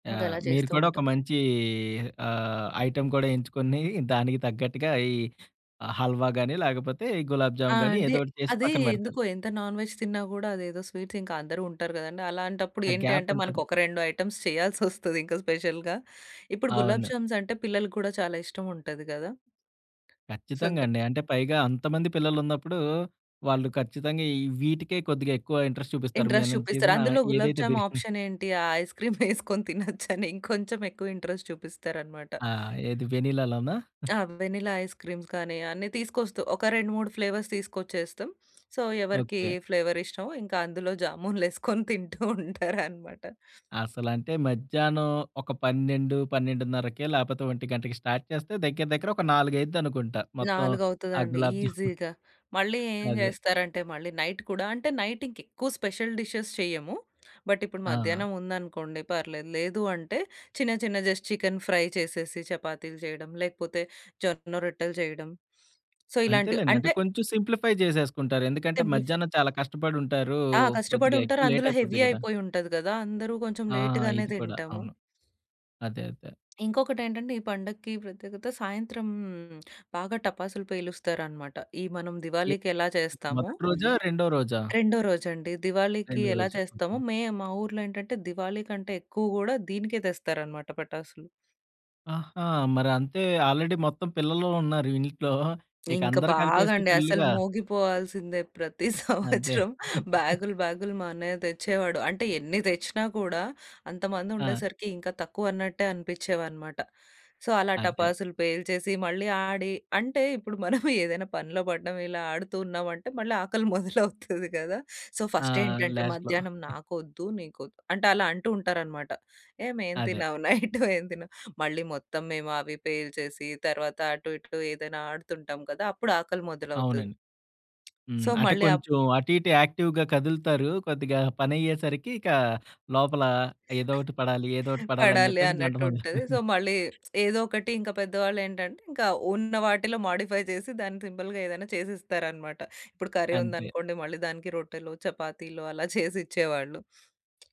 Yeah! ఇంకలా మీరు చేస్తూ కూడా ఒక ఉంటాం. మంచి ఆహ్, ఐటమ్ కూడా ఎంచుకొని దానికి తగ్గట్టుగా ఈ ఆహ్, హల్వా గాని లేకపోతే ఈ గులాబ్ ఆ! జామ్ గాని అంటే ఏదోకటి చేసి అది పక్కన పెడతారు. ఎందుకో ఎంత నాన్ వెజ్ తిన్నా గూడా అదేదో స్వీట్స్ ఇంకందరూ ఉంటారు కదండీ. అలాంటప్పుడు ఆ! ఏంటి గ్యాప్ అంటే ఉంటది. మనకొక 2 ఐటెమ్స్ చేయాల్సొస్తది ఇంకా స్పెషల్‌గా. ఇప్పుడు గులాబ్ అవును. జామ్స్ అంటే పిల్లలకి కూడా చాలా ఇష్టం ఉంటాది గదా! సో, కచ్చితంగా ద అండి. అంటే పైగా అంతమంది పిల్లలున్నప్పుడు వాళ్ళు ఖచ్చితంగా ఈ వీటికే కొద్దిగా ఎక్కువ ఇంట్రెస్ట్ చూపిస్తారు. ఇంట్రెస్ట్ మనం చూపిస్తారు. చేసిన అందులో గులాబ్ ఏదైతే బి జామ్ హ్మ్. ఆప్షన్ ఏంటి ఆ ఐస్‌క్రీమ్ యేసుకొని తినొచ్చని ఇంకొంచెం ఎక్కువ ఇంట్రెస్ట్ చూపిస్తారనమాట. ఆ! ఏది వెనిలాలోనా? ఆ! ఆ! వెనిలా ఐస్ క్రీమ్స్ కానీ అన్నీ తీసుకొస్తా. ఒక 2, 3 ఫ్లేవర్స్ తీసుకొచ్చేస్తాం. సో, ఎవరికీ ఓకే. ఏ ఫ్లేవర్ ఇష్టమో ఇంకందులో జామూన్ లేసుకొని తింటూ ఉంటారనమాట. అసలంటే మధ్యాహ్నం ఒక 12, 12:30కే లేపోతే 1కి స్టార్ట్ చేస్తే దగ్గర దగ్గర ఒక 4 అయిద్దనుకుంటా మొత్తం 4 ఆ అవుతదండి గులాబ్ జామున్. ఈజీగా. మళ్ళీ ఏం అదే. చేస్తారంటే మళ్ళీ నైట్ కూడా అంటే నైట్ ఇంకెక్కువ స్పెషల్ డిషెస్ చేయము. బట్ ఇప్పుడు ఆ! మధ్యాహ్నం ఉందనుకోండి పర్లేదు. లేదు అంటే చిన్న చిన్న జస్ట్ చికెన్ ఫ్రై చేసేసి చపాతీలు చేయడం. లేకపోతే జొన్న రొట్టెలు చేయడం. సో, ఇలాంటివి. అంతేలెండి అంటే అంటే కొంచెం సింప్లిఫై చేసేసుకుంటారు. ఎందుకంటే సింప్లిఫ మధ్యాహ్నం చాలా కష్టపడి ఉంటారు. ఆ! కొద్దిగా కష్టపడుంటారు. ఎక్కువ లేట్ అందులో హెవీ అయిపోద్ది కదా! అయిపోయుంటది కదా! అందరూ కొంచెం ఆ! లేట్ గానే ఇది కూడా తింటాము. అవును. అదే అదే. ఇంకొకటేంటంటే ఈ పండక్కి ప్రత్యేకత సాయంత్రం బాగా టపాసులు పేలుస్తారనమాట. ఈ మనం ఎ దివాళీకెలా చేస్తామో, మొదటి రోజా? రెండో రోజా? రెండో రోజండి దివాళీకి రెండో ఎలా రోజే. చేస్తామో ఓకే. మేము మా ఊర్లో ఏంటంటే దివాళీ కంటే ఎక్కువ గూడా దీనికే తెస్తారనమాట పటాసులు. ఆహా! మరంతె ఆల్రెడీ మొత్తం పిల్లలున్నారు ఇంట్లో. ఇక ఇంకా అందరు బాగా కలిపేసి అండి. అసలు ఫుల్లుగా మోగిపోవాల్సిందే ప్రతి అంతే. సంవత్సరం బ్యాగ్‌లు బ్యాగ్‌లు మా అన్నయ్య తెచ్చేవాడు. అంటే ఎన్ని తెచ్చినా కూడా అంత మంది ఆ! ఉండేసరికి ఇంకా తక్కువన్నట్టే అనిపిచ్చేవన్నమాట. సో, అలా అదే. టపాసులు పేల్చేసి మళ్ళీ ఆడి అంటే ఇప్పుడు మనము ఏదైనా పనిలో పడ్డాం, ఇలా ఆడుతూ ఉన్నామంటే మళ్ళీ ఆకలి మొదలవుతది కదా! సో, ఆ! ఫస్ట్ ఏంటంటే లాస్ట్‌లో మధ్యాహ్నం నాకొద్దు. నీకొద్దు. అంటే అలా అంటూ ఉంటారనమాట. ఏహ్! ఏమి అదే. తిన్నాము. నైట్ ఏం తిన్నావు. మళ్ళీ మొత్తం మేము అవి పేల్చేసి తర్వాత అటు ఇటు ఏదైనా ఆడుతుంటాం కదా! అప్పుడు ఆకలి మొదలవుతది. అవునండి. హ్మ్. సో, అంటే మళ్ళీ అప్ కొంచెం అటు ఇటు యాక్టివ్‌గా కదులుతారు. కొద్దిగా పనయ్యే సరికి ఇక లోపల ఏదో ఒకటి పడాలి, ఏదో ఒకటి పడాలి అని పడాలి చెప్పేసి గంట అన్నట్టు మొదలు ఉంటది. సో, మళ్ళీ ఏదో ఒకటి ఇంకా పెద్దవాళ్లేంటంటే ఇంకా ఉన్న వాటిలో మోడిఫై చేసి దాన్ని సింపుల్‌గా ఏదైనా చేసిస్తారనమాట. ఇప్పుడు కర్రీ అంతే. ఉందనుకోండి మళ్ళీ దానికి రొట్టెలు, చపాతీలు అలా చేసిచ్చేవాళ్ళు.